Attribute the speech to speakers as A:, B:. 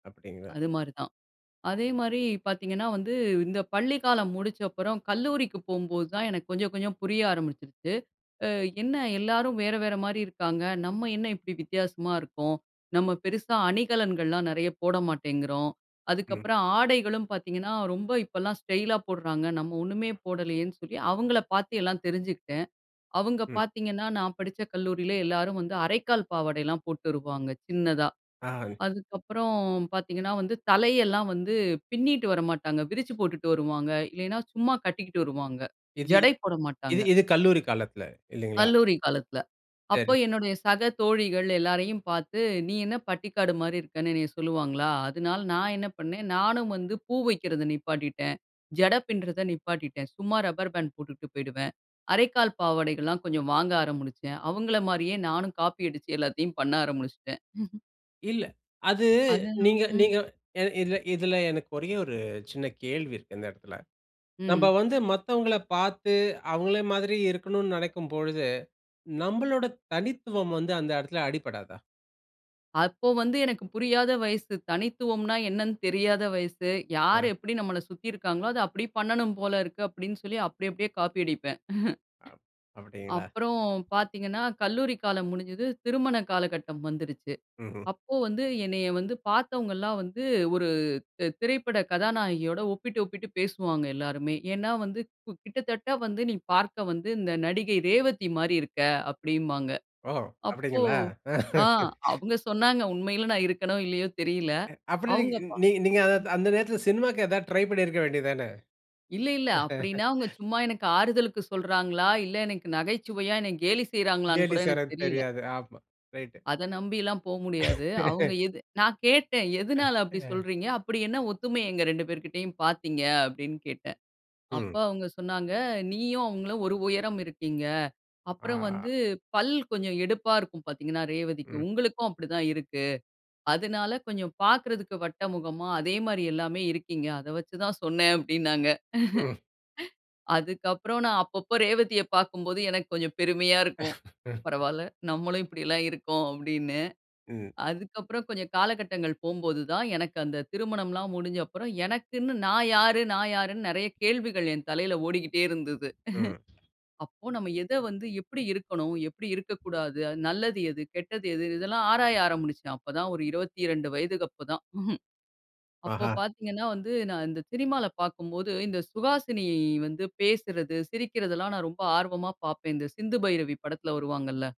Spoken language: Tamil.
A: அப்படிங்களா?
B: அது மாரி தான். அதே மாரி பாத்தீங்கன்னா வந்து, இந்த பள்ளிக்காலம் முடிச்ச அப்புறம் கல்லூரிக்கு போம்போது தான், எனக்கு கொஞ்சம் கொஞ்சம் புரிய ஆரம்பிச்சுருச்சு. அ என்ன எல்லாரும் வேற வேற மாரி இருக்காங்க, நம்ம என்ன இப்டி வித்தியாசமா இருக்கோம். நம்ம பெருசா அணிகலன்கள்லாம் நெறைய போட மாட்டேங்கிறோம்.
A: ம்.
B: அதுக்கப்புறம் ஆடைகளும் பாத்தீங்கன்னா, ரொம்ப இப்பலாம் ஸ்டைலா போடுறாங்க. நம்ம ஒண்ணுமே போடலையேன்னு சொல்லி, அவுங்களை பாத்து எல்லாம் தெரிஞ்சுக்கிட்டேன். அவுங்க
A: ம்.
B: பாத்தீங்கன்னா, நான் படிச்ச கல்லூரியிலே எல்லாரும் வந்து அரைக்கால் பாவாடைலாம் போட்டுருவாங்க, சின்னதா.
A: [unintelligible]
B: அதுக்கு அப்புறம் பாத்தீங்கன்னா வந்து, தலையெல்லாம் வந்து பின்னிட்டு வர மாட்டாங்க. விரிச்சி போட்டுட்டு வருவாங்க. இல்லைனா, சும்மா கட்டிக்கிட்டு வருவாங்க.
A: இது
B: ஜடை போட
A: இது
B: மாட்டாங்க.
A: இது கல்லூரி காலத்துல, இல்லிங்களா?
B: கல்லூரி காலத்துல. அப்போ
A: சரி.
B: என்னுடைய சக தோழிகள் எல்லாரையும் பாத்து "நீ என்ன பட்டிக்காடு மாரி இருக்கன்னு" என்னய சொல்லுவாங்களா! அதுனால நான் என்ன பண்ணேன், நானும் வந்து பூ வைக்கிறத நிப்பாட்டிட்டேன், ஜட பின்றத நிப்பாட்டிட்டேன். சும்மா ரப்பர் பேண்ட் போட்டுட்டு போயிடுவேன். அரைக்கால் பாவாடைகள்லாம் கொஞ்சம் வாங்க ஆரம்பிச்சேன். அவுங்கள மாரியே நானும் காப்பி அடிச்சு, எல்லாத்தையும் பண்ண ஆரம்பிச்சுட்டேன்.
A: இல்ல. அது,
B: அதெல்லாம்,
A: நீங்க
B: ம்.
A: நீங்க என இதுல இதுல, எனக்கு ஒரே ஒரு சின்ன கேள்வி இருக்கு, இந்த எடத்துல. நம்ப
B: ம்.
A: வந்து மத்தவங்கள பாத்து, அவுங்கள மாதிரி இருக்கணுன்னு நினைக்கும் பொழுது, நம்மளோட தனித்துவம் வந்து அந்த இடத்துல அடிபடாதா?
B: அப்போ வந்து எனக்கு புரியாத வயசு. தனித்துவம்னா என்னன்னு தெரியாத வயசு. யாரு
A: அ.
B: எப்படி நம்மள சுத்தி இருக்காங்களோ, அத அப்படியே பண்ணணும் போல இருக்கு, அப்டின்னு சொல்லி அப்டி அப்டியே காப்பி அடிப்பேன்.
A: அப் அப்படிங்களா?
B: அப்புறம் பாத்தீங்கன்னா, கல்லூரி காலம் முடிஞ்சது. திருமண காலகட்டம் வந்துடுச்சு.
A: ம்ஹ்ம்.
B: அப்போ வந்து என்னைய வந்து, பாத்தவங்களாம் வந்து, ஒரு து திரைப்பட கதாநாயகியோட ஒப்பிட்டு ஒப்பிட்டு பேசுவாங்க எல்லாருமே. ஏன்னா வந்து கு "கிட்டத்தட்ட வந்து, நீ பார்க்க வந்து, இந்த நடிகை ரேவதி மாரி இருக்க" அப்படின்பாங்க.
A: ஓ,
B: அப்போ,
A: அப்படிங்களா?
B: ஆ அவுங்க சொன்னாங்க, உண்மையிலே நான் இருக்கேனோ, இல்லையோ தெரியலை.
A: அ அப்பன்னா, நீங்க
B: அவுங்க பா
A: நீ நீங்க, அந்த நேரத்துல சினிமாக்கு ஏதாவது ட்ரை பண்ணிருக்க வேண்டியது தானே?
B: இல்லை இல்லை. அப்படின்னா அவுங்க சும்மா எனக்கு ஆறுதலுக்கு சொல்றாங்களா! இல்லை எனக்கு நகைச்சுவையா என்ன கேலி செய்றாங்களான்னு
A: கேலி
B: கூட எனக்கு
A: செய்யரது
B: தெரியல!
A: தெரியாது. ஆமா ரைட்டு.
B: அத நம்பிலாம் போமுடியாது. அவுங்க எது நான் கேட்டேன்
A: அ
B: "எதுனால அப்டி
A: ஆ.
B: சொல்றீங்க, அப்படி என்ன ஒத்துமை எங்க 2 பேர்கிட்டயும் பாத்தீங்க?" அப்படின்னு கேட்டேன். அப்ப
A: ம்.
B: அவுங்க சொன்னாங்க. "நீயும் அவுங்களும் ஒரு உயரம் இருக்கீங்க. அப்புறம்
A: ஆ.
B: வந்து, பல் கொஞ்சம் எடுப்பா இருக்கும் பாத்தீங்கன்னா
A: ம்.
B: ரேவதிக்கும். உங்களுக்கும் அப்படி தான் இருக்கு. அதுனால கொஞ்சம் பாக்குறதுக்கு வட்டமுகமா, அதே மாரி எல்லாமே இருக்கீங்க. அத வச்சு தான் சொன்னேன்" அப்டின்னாங்க.
A: ம்.
B: அதுக்கு அப்புறம் நான் அப்பப்போ ரேவதிய பாக்கும்போது, எனக்கு கொஞ்சம் பெருமையா இருக்கும். "பரவால்ல, நம்மளும் இப்படியெல்லாம் இருக்கோம்" அப்படின்னு.
A: ம்.
B: அதுக்கு அப்புறம் கொஞ்சம் காலகட்டங்கள் போம்போது தான், எனக்கு அந்த திருமணம்லாம் முடிஞ்ச அப்புறம். எனக்குன்னு "நான் யாரு? நான் யாருன்னு?" நெறைய கேள்விகள் என் தலையில ஓடிக்கிட்டே இருந்தது.
A: ம்.
B: அப்போ நம்ம எதை வந்து, எப்டி இருக்கணும், எப்டி இருக்கக்கூடாது, அது நல்லது எது, கெட்டது எது? இதெல்லாம் ஆராய ஆரம்பிச்சேன். அப்பதான் ஒரு 22 வயதுக்கு அப்போதான். அப்போ
A: ஆஹா.
B: பாத்தீங்கன்னா வந்து நான் இந்த சினிமால பாக்கும்போது, இந்த சுகாசினி வந்து பேசுறது, சிரிக்கிறதுல்லாம் நான் ரொம்ப ஆர்வமா பாப்பேன். இந்த சிந்து பைரவி படத்துல வருவாங்கள்ல!